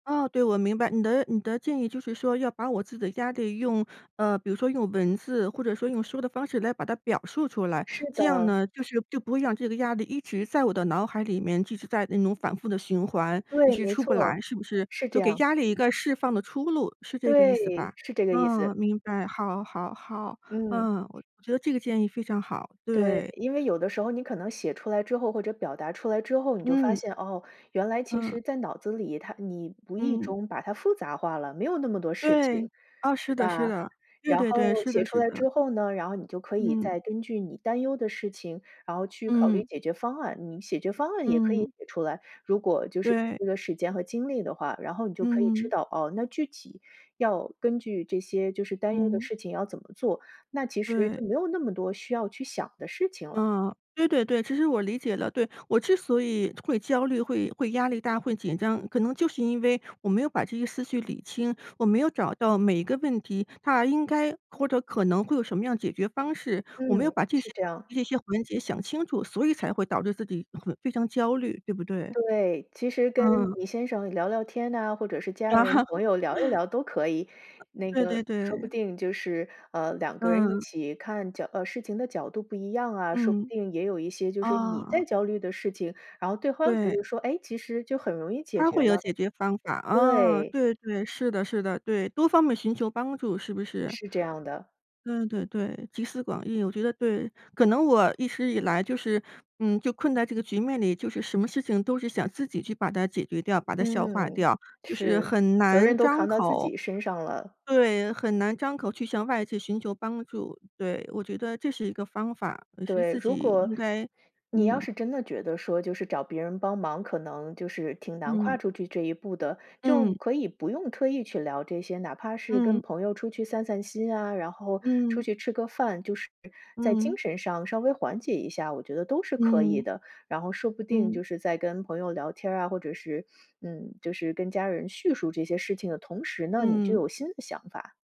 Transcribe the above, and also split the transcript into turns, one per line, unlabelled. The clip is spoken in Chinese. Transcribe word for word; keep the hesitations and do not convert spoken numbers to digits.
哦，对，我明白，你的你的建议，就是说要把我自己的压力用呃，比如说用文字或者说用说的方式来把它表述出来，
是
这样
的。
呢，就是就不会让这个压力一直在我的脑海里面，一直在那种反复地循环，一
对，
直
没
出不来，
错，
是不是？
是这
就给
样。
压力一个释放的出路，是这个意思吧？
对，是这个意思。
嗯，明白，好，好，好。
嗯。
嗯，我觉得这个建议非常好，
对，
对。
因为有的时候你可能写出来之后或者表达出来之后，你就发
嗯。
现，哦，原来其
嗯。
实在脑子里，它你无意
嗯。
中把它复杂化了，没有那么多事情，
对。哦，
是
是的，是
吧？
的。对
然
对
后
对，是的，
写出
是
来
的。
之后呢，然后你就可以
嗯。
再根据你担忧的事情，然后去考虑
嗯。
解决方案。你解决方案也可以
嗯。
写出来，如果就是有
对。
这个时间和精力的话，然后你就可以知
嗯。
道，哦，那具体要根据这些，就是担忧的
嗯。
事情要怎么做，那其实
对。
就没有那么多需要去想的事情了。
嗯，对对对，其实我理解了，对。我之所以会焦虑，会会压力大，会紧张，可能就是因为我没有把这些思绪理清，我没有找到每一个问题它应该或者可能会有什么样解决方式。我没有
嗯，
把这些
是这样。
这些环节想清楚，所以才会导致自己很非常焦虑，对不对？
对，其实跟
嗯。
你先生聊聊天哪，或者是家人、朋友聊一聊都可以。那
对对
个说不
对。
定就是，呃，两个人一
嗯。
起看角呃，事情的角度不一样啊，说不
嗯。
定也有一些就是你
啊。
在焦虑的事情，然后对慌觉
对。
得说，诶，其实就很容易解
他
决
会有
了，
解决方法。啊，
对。
对，对，是的，是的，对，多方面寻求帮助，是不是？
是这样的。
对对对，集思广益。我觉得对，可能我一直以来就是，嗯，就困在这个局面里，就是什么事情都是想自己去把它解决掉、把它消化
嗯，
掉，就是
是，
很
责
难
任都
张
扛到自
口
己身上了。
对，很难张口去向外界寻求帮助。对，我觉得这是一个方法，也是
对，
自
如
己
果，
应该
你要
嗯。
是真的觉得说，就是找别人帮忙可能，就是，挺难
嗯。
跨出去这一步的，就
嗯。
可以不用特意去聊这些，哪怕是跟
嗯。
朋友出去散散心啊，然后出
嗯。
去吃个饭，就是在精
嗯。
神上稍微缓解一下，我觉得都是可以
嗯。
的。然后说不定就
嗯。
是在跟朋友聊天儿啊，或者是嗯，就是跟家人叙述这些事情的同时呢，你就
嗯。
有新的想法。